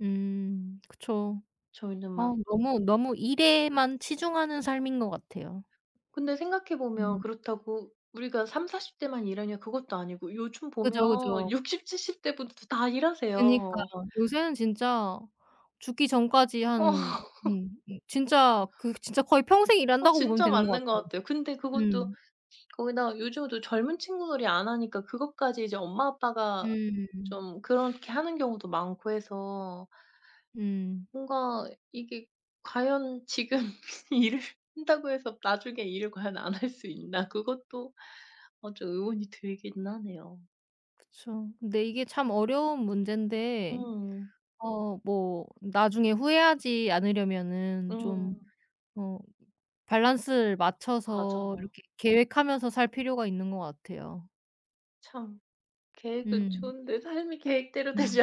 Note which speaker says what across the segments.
Speaker 1: 음 그쵸.
Speaker 2: 저희는
Speaker 1: 아
Speaker 2: 막
Speaker 1: 너무너무 일에만 치중하는 삶인 것 같아요.
Speaker 2: 근데 생각해 보면
Speaker 1: 음.
Speaker 2: 그렇다고 우리가 30- 40 대만 일하냐 그것도 아니고 요즘
Speaker 1: 그죠, 그죠.
Speaker 2: 보면 6, 70 대 분들도 다
Speaker 1: 그니까.
Speaker 2: 일하세요.
Speaker 1: 요새는 진짜 죽기 전까지
Speaker 2: 어.
Speaker 1: 한 음 음. 진짜 그 진짜 거의 평생
Speaker 2: 어
Speaker 1: 일한다고 보면
Speaker 2: 진짜
Speaker 1: 되는 것
Speaker 2: 맞는 것
Speaker 1: 같아요.
Speaker 2: 같아요. 근데 그것도
Speaker 1: 음.
Speaker 2: 거기다가 요즘도 젊은 친구들이 안 하니까 그것까지 이제 엄마 아빠가
Speaker 1: 음.
Speaker 2: 좀 그렇게 하는 경우도 많고 해서
Speaker 1: 음.
Speaker 2: 뭔가 이게 과연 지금 일을 한다고 해서 나중에 일을 과연 안 할 수 있나 그것도 아 좀 의문이 들긴 하네요.
Speaker 1: 그쵸. 근데 이게 참 어려운 문제인데
Speaker 2: 음.
Speaker 1: 어 뭐 나중에 후회하지 않으려면은 좀
Speaker 2: 음.
Speaker 1: 어 밸런스를 맞춰서
Speaker 2: 맞아요.
Speaker 1: 이렇게 계획하면서 살 필요가 있는 것 같아요.
Speaker 2: 참 계획은
Speaker 1: 음.
Speaker 2: 좋은데 삶이 계획대로
Speaker 1: 음음.
Speaker 2: 되지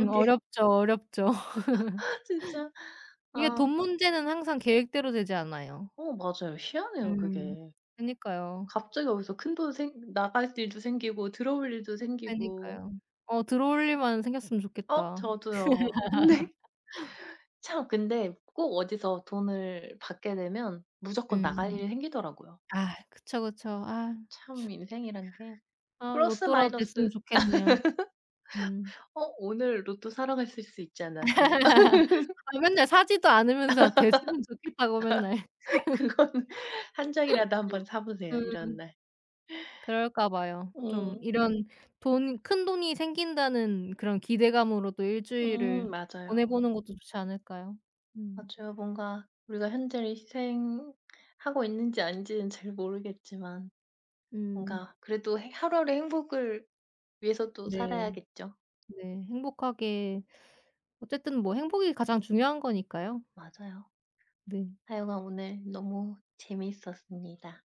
Speaker 1: 음
Speaker 2: 게.
Speaker 1: 어렵죠, 어렵죠.
Speaker 2: 진짜.
Speaker 1: 이게
Speaker 2: 아.
Speaker 1: 돈 문제는 항상 계획대로 되지 않아요.
Speaker 2: 어 맞아요. 희한해요
Speaker 1: 음.
Speaker 2: 그게.
Speaker 1: 그니까요.
Speaker 2: 갑자기 어디서 큰돈 생 나갈 일도 생기고 들어올 일도 생기고.
Speaker 1: 그러니까요. 어 들어올 일만 생겼으면
Speaker 2: 어
Speaker 1: 좋겠다.
Speaker 2: 저도요. 근데 참 근데 꼭 어디서 돈을 받게 되면 무조건 나갈
Speaker 1: 음.
Speaker 2: 일이 생기더라고요.
Speaker 1: 아 그쵸, 그쵸. 아.
Speaker 2: 참
Speaker 1: 참.
Speaker 2: 인생이란 게
Speaker 1: 아
Speaker 2: 플러스
Speaker 1: 로또라도
Speaker 2: 마이너스.
Speaker 1: 됐으면 좋겠네요. 음.
Speaker 2: 어 오늘 로또 사러 가실 수 있지 않았어요?
Speaker 1: 아 맨날 사지도 않으면서 됐으면 좋겠다고 맨날.
Speaker 2: 그건 1 장이라도 한번 사 보세요 이런
Speaker 1: 음.
Speaker 2: 날.
Speaker 1: 그럴까 봐요. 좀
Speaker 2: 음.
Speaker 1: 이런 돈 큰돈이 생긴다는 그런 기대감으로 또 1
Speaker 2: 음.
Speaker 1: 주일을 보내
Speaker 2: 맞아요.
Speaker 1: 보는 것도 좋지 않을까요? 음.
Speaker 2: 맞아요. 뭔가 우리가 현재를 희생하고 있는지 아닌지는 잘 모르겠지만
Speaker 1: 음.
Speaker 2: 뭔가 그래도 해 하루하루 행복을 위해서 또
Speaker 1: 네.
Speaker 2: 살아야겠죠.
Speaker 1: 네 행복하게 어쨌든 뭐 행복이 가장 중요한 거니까요.
Speaker 2: 맞아요.
Speaker 1: 네.
Speaker 2: 하여간 오늘 너무 재밌었습니다.